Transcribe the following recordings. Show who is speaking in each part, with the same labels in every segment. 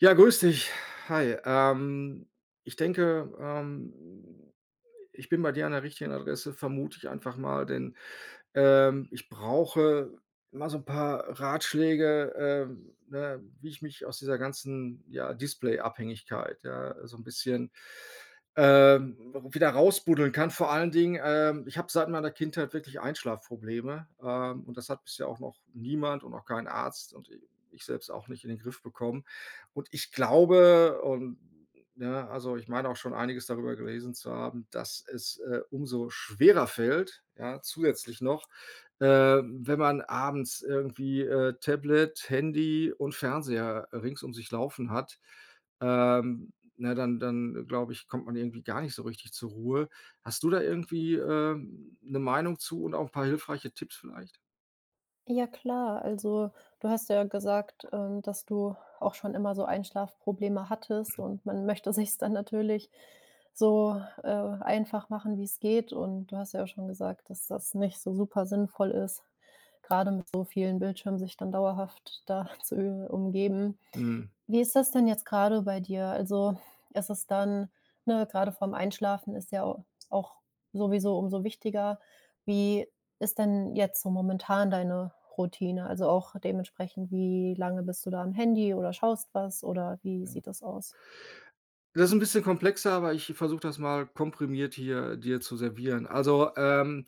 Speaker 1: Ja, grüß dich. Hi, ähm, ich denke, ähm, ich bin bei dir an der richtigen Adresse, vermute ich einfach mal, denn, ähm, ich brauche mal so ’n paar Ratschläge, ähm, ne, wie ich mich aus dieser ganzen, ja, Display-Abhängigkeit, ja, so ’n bisschen, äh, w wieder raus buddeln kann. Vor allen Dingen, ähm, ich habe seit meiner Kindheit wirklich Einschlaf-Probleme, ähm, und das hat bisher auch noch niemand und auch kein Arzt und i ich selbst auch nicht in den Griff bekommen. Und, ich glaube und, ne, also, ich meine auch schon einiges darüber gelesen zu haben, dass es, äh, umso schwerer fällt, ja, zusätzlich noch, äh, wenn man abends irgendwie, äh, Tablet, Handy und Fernseher rings um sich laufen hat. Ähm, ne, dann dann glaube ich, kommt man irgendwie gar nicht so richtig zur Ruhe. Hast du da irgendwie, äh, ’ne Meinung zu und auch ’n paar hilfreiche Tipps vielleicht?
Speaker 2: Ja, klar. Also, du hast ja gesagt, ähm, dass du auch schon immer so Einschlaf-Probleme hattest
Speaker 1: Mhm.
Speaker 2: und man möchte sich's dann natürlich so, äh, einfach machen, wie's geht. Und, du hast ja auch schon gesagt, dass das nicht so super sinnvoll ist, grade mit so vielen Bildschirmen sich dann dauerhaft da zu über umgeben.
Speaker 1: Mhm.
Speaker 2: Wie ist das denn jetzt grade bei dir? Also, ist es dann ne, grade vor ’m Einschlafen ist ja au auch sowieso umso wichtiger. Wie ist denn jetzt so momentan deine Routine? Also, auch dementsprechend, wie lange bist du da am Handy oder schaust was, oder wie
Speaker 1: Ja.
Speaker 2: sieht das aus?
Speaker 1: Das ’n bisschen komplexer, aber ich versuche das mal komprimiert hier dir zu servieren. Also, ähm,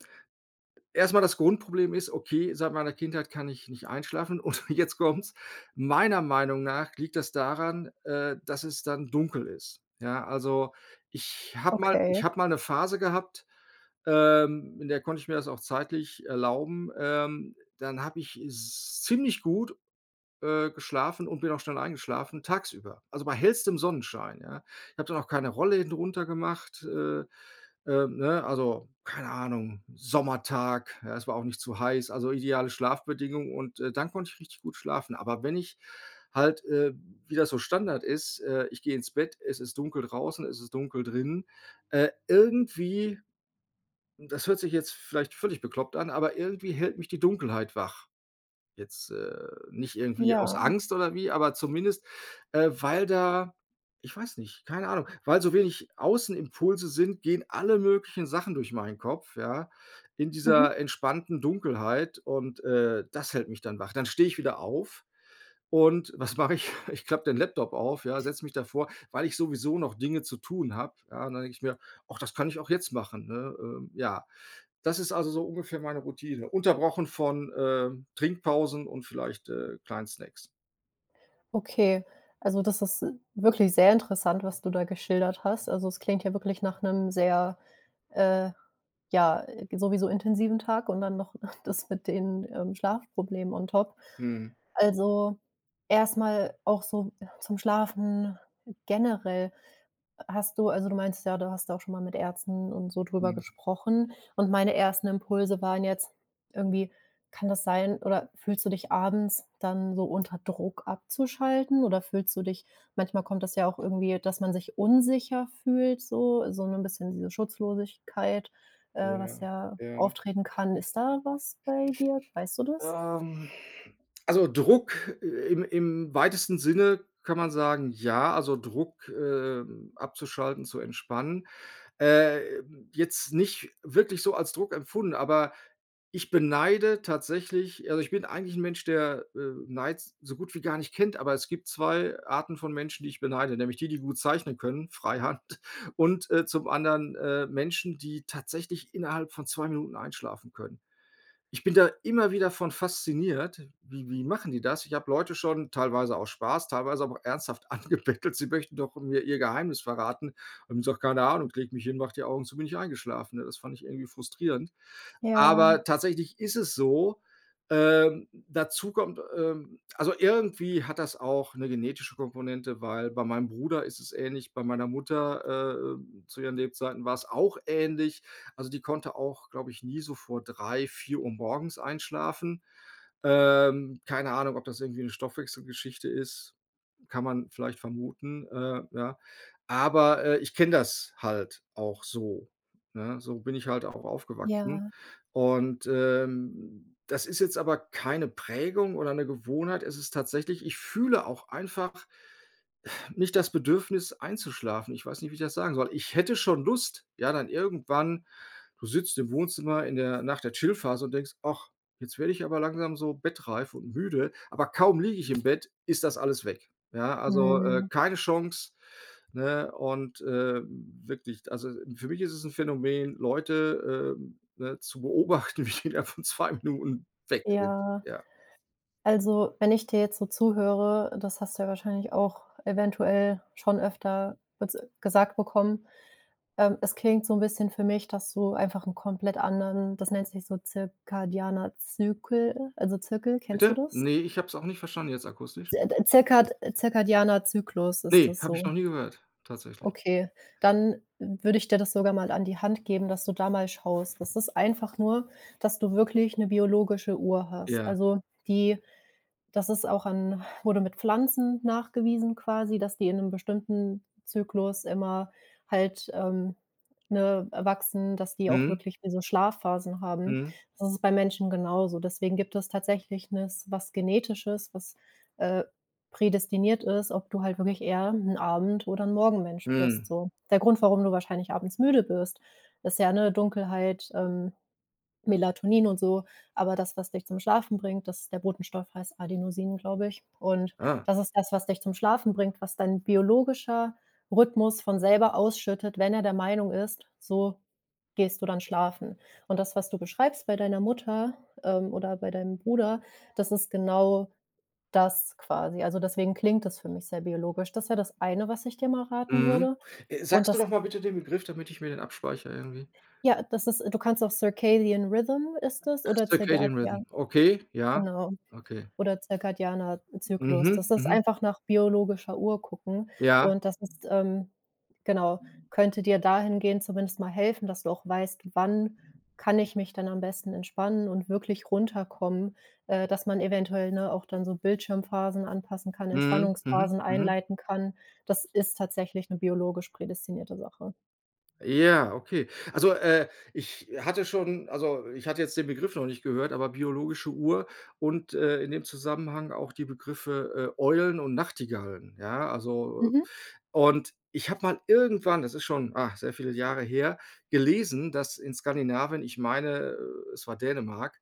Speaker 1: erstmal das Grundproblem ist, okay, seit meiner Kindheit kann ich nicht einschlafen und jetzt kommt‘s, meiner Meinung nach liegt das daran, äh, dass es dann dunkel ist, ja. Also, ich habe mal ich
Speaker 2: Okay.
Speaker 1: habe mal ’ne Phase gehabt, ähm, in der konnte ich mir das auch zeitlich erlauben, ähm, dann habe ich s ziemlich gut, äh, geschlafen und bin auch schnell eingeschlafen, tagsüber, also, bei hellstem Sonnenschein, ja? Ich habe dann auch keine Rollläden runtergemacht, äh, ähm, ne? Also, keine Ahnung, Sommertag, ja, es war auch nicht zu heiß. Also, ideale Schlafbedingung und dann konnte ich richtig gut schlafen, aber wenn ich halt, äh, wie das so Standard ist, äh, ich gehe ins Bett, es ist dunkel draußen, es ist dunkel drinnen, äh, irgendwie das hört sich jetzt vielleicht völlig bekloppt an, aber irgendwie hält mich die Dunkelheit wach. Jetzt, äh, nicht irgendwie aus
Speaker 2: Ja.
Speaker 1: Angst oder wie, aber zumindest, äh, weil da ich weiß nicht, keine Ahnung, weil so wenig Außen-Impulse sind, gehen alle möglichen Sachen durch meinen Kopf, ja? In
Speaker 2: Mhm.
Speaker 1: dieser entspannten Dunkelheit und, äh, das hält mich dann wach. Dann stehe ich wieder auf und was mache ich? Ich klappe den Laptop auf, ja, setze mich davor, weil ich sowieso noch Dinge zu tun habe, ja, und dann denke ich mir: „Och, das kann ich auch jetzt machen“, ne, ähm, ja. Das ist also so ungefähr meine Routine, unterbrochen von, äh, Trinkpausen und vielleicht, äh, kleinen Snacks.
Speaker 2: Okay. Also, das ist wirklich sehr interessant, was du da geschildert hast. Also, es klingt ja wirklich nach 'nem sehr, äh, ja, sowieso intensiven Tag und dann noch das mit den, ähm, Schlafproblemen on top.
Speaker 1: Mhm.
Speaker 2: Also, erstmal auch so zum Schlafen generell. Hast du also, du meintest ja, du hast da auch schon mal mit Ärzten und so drüber
Speaker 1: Mhm.
Speaker 2: gesprochen und meine ersten Impulse waren jetzt irgendwie: Kann das sein, oder fühlst du dich abends dann so unter Druck, abzuschalten, oder fühlst du dich manchmal kommt das ja auch irgendwie, dass man sich unsicher fühlt, so so 'nen bisschen diese Schutzlosigkeit, äh, was
Speaker 1: Ja,
Speaker 2: ja
Speaker 1: ja.
Speaker 2: auftreten kann. Ist da was bei dir? Weißt du das?
Speaker 1: Ähm, also Druck im im weitesten Sinne kann man sagen, ja, also Druck, äh, abzuschalten, zu entspannen, ähm, jetzt nicht wirklich so als Druck empfunden. Aber ich beneide tatsächlich also, ich bin eigentlich 'n Mensch, der, äh, Neid s so gut wie gar nicht kennt. Aber es gibt 2 Arten von Menschen, die ich beneide, nämlich die, die gut zeichnen können, freihand und zum anderen, äh, Menschen, die tatsächlich innerhalb von 2 Minuten einschlafen können. Ich bin da immer wieder von fasziniert. Wie wie machen die das? Ich habe Leute schon teilweise auch aus Spaß, teilweise aber auch ernsthaft angebettelt, sie möchten doch mir ihr Geheimnis verraten. Und die haben gesagt: „Keine Ahnung, ich lege mich hin, mache die Augen zu, bin ich eingeschlafen.“ Ne, das fand ich irgendwie frustrierend.
Speaker 2: Ja.
Speaker 1: Aber tatsächlich ist es so. Ähm, dazu kommt ähm, also irgendwie hat das auch 'ne genetische Komponente, weil bei meinem Bruder ist es ähnlich, bei meiner Mutter, äh, zu ihren Lebzeiten war's auch ähnlich. Also die konnte auch, glaube ich, nie so vor 3, 4 morgens einschlafen. Ähm, keine Ahnung, ob das irgendwie 'ne Stoffwechselgeschichte ist, kann man vielleicht vermuten. Äh, ja, aber, äh, ich kenne das halt auch so, ne, so bin ich halt auch aufgewachsen.
Speaker 2: Ja.
Speaker 1: Und, ähm, das ist jetzt aber keine Prägung oder 'ne Gewohnheit. Es ist tatsächlich, ich fühle auch einfach nicht das Bedürfnis, einzuschlafen. Ich weiß nicht, wie ich das sagen soll. Ich hätte schon Lust, ja, dann irgendwann du sitzt im Wohnzimmer in der nach der Chillphase und denkst: „Ach, jetzt werde ich aber langsam so bettreif und müde.” Aber kaum liege ich im Bett, ist das alles weg. Ja. Also, äh,
Speaker 2: Mhm.
Speaker 1: keine Chance, ne, und, äh, wirklich. Also, für mich ist es 'n Phänomen, Leute, ähm, ne, zu beobachten, wie die innerhalb von 2 Minuten weg sind,
Speaker 2: Ja.
Speaker 1: ja.
Speaker 2: Also, wenn ich dir jetzt so zuhöre, das hast du ja wahrscheinlich auch eventuell schon öfter ges gesagt bekommen. Ähm, es klingt so 'n bisschen für mich, dass du einfach 'n komplett anderen, das nennt sich so zirkadianer Zykel also Zirkel. Kennst du
Speaker 1: Bitte?
Speaker 2: das?
Speaker 1: Ne, ich habe es auch nicht verstanden. Jetzt akustisch.
Speaker 2: Äh, d äh, zirkad äh zirkadianer Zyklus ist
Speaker 1: Ne,
Speaker 2: das
Speaker 1: habe ich
Speaker 2: so.
Speaker 1: noch nie gehört, tatsächlich.
Speaker 2: Okay, dann würde ich dir das sogar mal an die Hand geben, dass du da mal schaust. Das ist einfach nur, dass du wirklich 'ne biologische Uhr hast.
Speaker 1: Ja.
Speaker 2: Also die das ist auch an wurde mit Pflanzen nachgewiesen quasi, dass die in 'nem bestimmten Zyklus immer halt, ähm, ne, äh, wachsen, dass die auch
Speaker 1: Mhm.
Speaker 2: wirklich wie so Schlafphasen haben.
Speaker 1: Mhm.
Speaker 2: Das ist bei Menschen genauso. Deswegen gibt es tatsächlich nes was Genetisches, was, äh, prädestiniert ist, ob du halt wirklich eher 'n Abend oder 'n Morgenmensch bist,
Speaker 1: Mhm.
Speaker 2: so. Der Grund, warum du wahrscheinlich abends müde bist, ist ja, ne, Dunkelheit, ähm, Melatonin und so, aber das, was dich zum Schlafen bringt, dass ist der Botenstoff heißt Adenosin, glaube ich. Und
Speaker 1: Ah.
Speaker 2: das ist das, was dich zum Schlafen bringt, was dein biologischer Rhythmus von selber ausschüttet, wenn er der Meinung ist: „So, gehst du dann schlafen.” Und das, was du beschreibst bei deiner Mutter, ähm, oder bei deinem Bruder, das ist genau das quasi. Also, deswegen klingt das für mich sehr biologisch. Das wäre das eine, was ich dir mal raten
Speaker 1: Mhm.
Speaker 2: würde,
Speaker 1: Äh,
Speaker 2: und
Speaker 1: sagst du
Speaker 2: das
Speaker 1: noch mal bitte den Begriff, damit ich mir den abspeichere irgendwie.
Speaker 2: Ja, das ist du kannst auch Circadian Rhythm ist das
Speaker 1: Äh,
Speaker 2: oder zirgad
Speaker 1: Circadian Rhythm.
Speaker 2: ja,
Speaker 1: Okay, ja,
Speaker 2: genau,
Speaker 1: okay.
Speaker 2: oder zirkadianer, äh, Zyklus.
Speaker 1: Mhm,
Speaker 2: Das ist
Speaker 1: mhm.
Speaker 2: einfach nach biologischer Uhr gucken
Speaker 1: Ja.
Speaker 2: und das ist ähm, genau, könnte dir dahingehend zumindest mal helfen, dass du auch weißt: „Wann kann ich mich dann am besten entspannen und wirklich runterkommen.“ Äh dass man eventuell, ne, auch dann so Bildschirmphasen anpassen kann,
Speaker 1: Mhm. Mhm,
Speaker 2: Entspannungsphasen
Speaker 1: mhm.
Speaker 2: einleiten kann. Das ist tatsächlich 'ne biologisch prädestinierte Sache.
Speaker 1: Ja, okay. Also, äh, ich hatte schon also, ich hatte jetzt den Begriff noch nicht gehört. Aber biologische Uhr und, äh, in dem Zusammenhang auch die Begriffe, äh, Eulen und Nachtigallen, ja, also.
Speaker 2: Mhm.
Speaker 1: Und ich habe mal irgendwann, das ist schon, ah, sehr viele Jahre her, gelesen, dass in Skandinavien, ich meine, äh, es war Dänemark,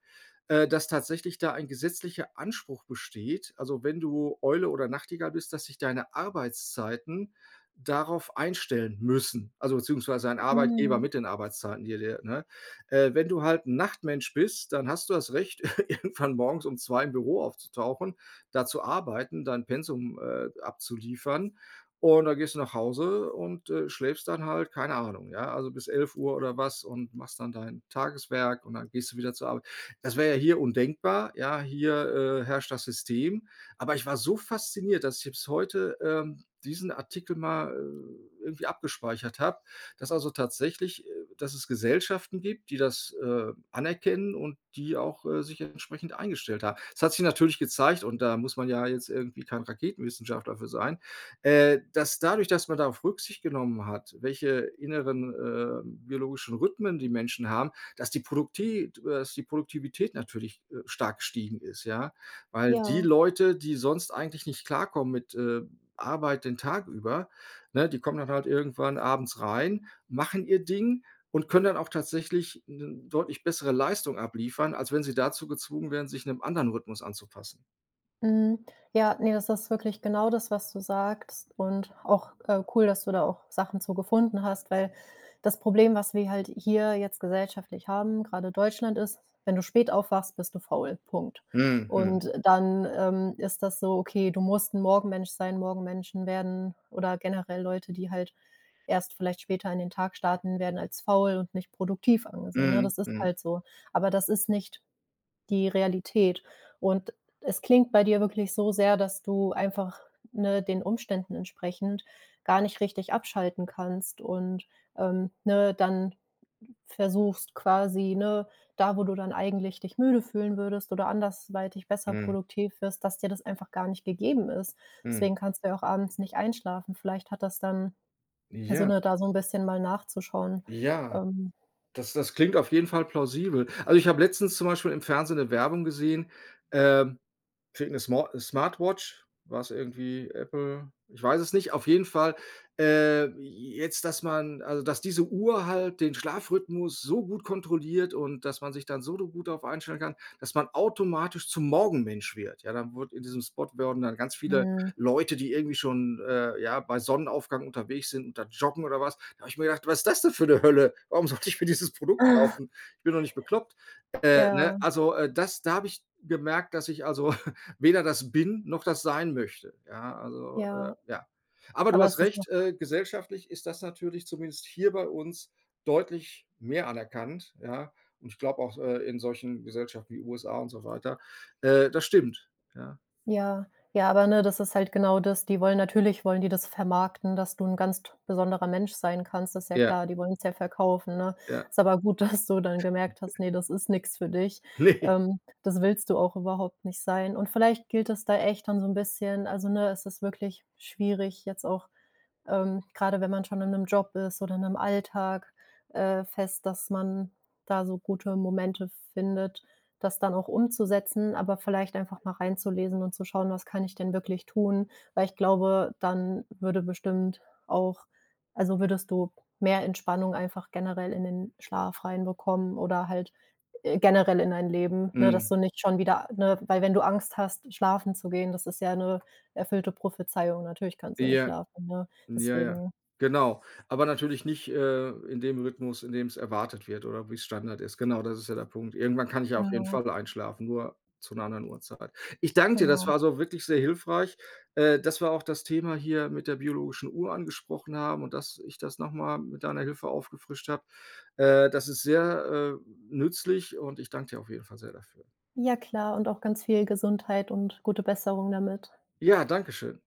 Speaker 1: äh, dass tatsächlich da ein gesetzlicher Anspruch besteht. Also, wenn du Eule oder Nachtigall bist, dass sich deine Arbeitszeiten darauf einstellen müssen. Also, beziehungsweise ein Arbeitgeber
Speaker 2: Mhm.
Speaker 1: mit den Arbeitszeiten, [unintelligible] ne? Äh, wenn du halt 'n Nachtmensch bist, dann hast du das Recht, irgendwann morgens um 2 im Büro aufzutauchen, da zu arbeiten, dein Pensum, äh, abzuliefern und dann gehst du nach Hause und, äh, schläfst dann halt, keine Ahnung, ja, also bis 11:00 oder was und machst dann dein Tageswerk und dann gehst du wieder zur Arbeit. Das wäre ja hier undenkbar. Ja, hier, äh, herrscht das System. Aber ich war so fasziniert, dass ich selbst heute, ähm, diesen Artikel mal, äh, irgendwie abgespeichert habe, dass also tatsächlich, äh dass es Gesellschaften gibt, die das, äh, anerkennen und die auch, äh, sich entsprechend eingestellt haben. Das hat sich natürlich gezeigt und da muss man ja jetzt irgendwie kein Raketenwissenschaftler für sein, äh, dass dadurch, dass man darauf Rücksicht genommen hat, welche inneren, äh, biologischen Rhythmen die Menschen haben, dass die Produktivität, äh, dass die Produktivität natürlich, äh, stark gestiegen ist, ja. Weil die
Speaker 2: Ja.
Speaker 1: Leute, die sonst eigentlich nicht klarkommen mit, äh, Arbeit den Tag über, ne, die kommen dann halt irgendwann abends rein, machen ihr Ding und können dann auch tatsächlich 'ne deutlich bessere Leistung abliefern, als wenn sie dazu gezwungen wären, sich 'nem anderen Rhythmus anzupassen.
Speaker 2: Mhm. Ja, ne, das ist wirklich genau das, was du sagst. Und auch, äh, cool, dass du da auch Sachen zu gefunden hast, weil das Problem, was wir halt hier jetzt gesellschaftlich haben, grade Deutschland ist: Wenn du spät aufwachst, bist du faul. Punkt.
Speaker 1: Mhm. Mhm.
Speaker 2: Und dann, ähm, ist das so, okay, du musst 'n Morgenmensch sein. Morgenmenschen werden oder generell Leute, die halt erst vielleicht später in den Tag starten, werden als faul und nicht produktiv angesehen. Ne,
Speaker 1: Mhm.
Speaker 2: das ist
Speaker 1: Mhm.
Speaker 2: halt so. Aber das ist nicht die Realität. Und es klingt bei dir wirklich so sehr, dass du einfach, ne, den Umständen entsprechend gar nicht richtig abschalten kannst und, ähm, ne, dann versuchst quasi, ne, da, wo du dann eigentlich dich müde fühlen würdest oder anderweitig besser
Speaker 1: Mhm.
Speaker 2: produktiv wirst, dass dir das einfach gar nicht gegeben ist.
Speaker 1: Mhm.
Speaker 2: Deswegen kannst du ja auch abends nicht einschlafen. Vielleicht hat das dann also,
Speaker 1: Ja.
Speaker 2: ne, da so 'n bisschen mal nachzuschauen,
Speaker 1: Ja.
Speaker 2: ähm.
Speaker 1: Das das klingt auf jeden Fall plausibel. Also, ich habe letztens zum Beispiel im Fernsehen 'ne Werbung gesehen. Ähm. Kriegt 'ne Smo Smartwatch, war's irgendwie Apple, ich weiß es nicht. Auf jeden Fall, äh, jetzt, dass man also, dass diese Uhr halt den Schlafrhythmus so gut kontrolliert und dass man sich dann so do gut darauf einstellen kann, dass man automatisch zum Morgenmensch wird. Ja, dann wurde in diesem Spot wurden dann ganz viele
Speaker 2: Mhm.
Speaker 1: Leute, die irgendwie schon, äh, ja, bei Sonnenaufgang unterwegs sind und da joggen oder was. Da habe ich mir gedacht: „Was ist das denn für 'ne Hölle? Warum sollte ich mir dieses Produkt kaufen? Ich bin doch nicht bekloppt.“ Äh, ne,
Speaker 2: Ja.
Speaker 1: also, äh, das da habe ich gemerkt, dass ich also, weder das bin noch das sein möchte, ja, also, äh,
Speaker 2: Ja,
Speaker 1: ja. Aber du
Speaker 2: aber ist
Speaker 1: hast
Speaker 2: das doch
Speaker 1: recht, äh, gesellschaftlich ist das natürlich zumindest hier bei uns deutlich mehr anerkannt. Ja, und ich glaube auch, äh, in solchen Gesellschaften wie USA und so weiter. Äh, das stimmt, ja.
Speaker 2: Ja, ja, aber ne, das ist halt genau das. Die wollen natürlich wollen die das vermarkten, dass du 'n ganz t besonderer Mensch sein kannst. Das ist ja
Speaker 1: Ja.
Speaker 2: klar, die wollen's ja verkaufen, ne?
Speaker 1: Ja.
Speaker 2: Ist aber gut, dass du dann gemerkt hast: Ne, das ist nix für dich.
Speaker 1: Ne.
Speaker 2: Ähm, das willst du auch überhaupt nicht sein. Und vielleicht gilt es da echt dann so 'n bisschen also ne, es ist wirklich schwierig, jetzt auch, ähm, grade wenn man schon in 'nem Job ist oder in 'nem Alltag, äh, fest, dass man da so gute Momente findet, das dann auch umzusetzen, aber vielleicht einfach mal reinzulesen und zu schauen, was kann ich denn wirklich tun? Weil ich glaube, dann würde bestimmt auch also, würdest du mehr Entspannung einfach generell in den Schlaf reinbekommen oder halt, äh, generell in dein Leben. Ne, dass
Speaker 1: Mhm.
Speaker 2: du nicht schon wieder, ne weil wenn du Angst hast, schlafen zu gehen, das ist ja 'ne erfüllte Prophezeiung. Natürlich kannst du dann nicht
Speaker 1: Ja.
Speaker 2: schlafen, ne?
Speaker 1: Ja, ja,
Speaker 2: Deswegen
Speaker 1: genau. Aber natürlich nicht, äh, in dem Rhythmus, in dem's erwartet wird, oder wie's Standard ist. Genau, das ist ja der Punkt. Irgendwann kann ich ja auf jeden
Speaker 2: Ja.
Speaker 1: Fall einschlafen, nur zu 'ner anderen Uhrzeit. Ich danke dir. Das
Speaker 2: Genau.
Speaker 1: war so wirklich sehr hilfreich, äh, dass wir auch das Thema hier mit der biologischen Uhr angesprochen haben und dass ich das noch mal mit deiner Hilfe aufgefrischt habe. Äh, das ist sehr, äh, nützlich. Und ich danke dir auf jeden Fall sehr dafür.
Speaker 2: Ja, klar und auch ganz viel Gesundheit und gute Besserung damit.
Speaker 1: Ja, danke schön.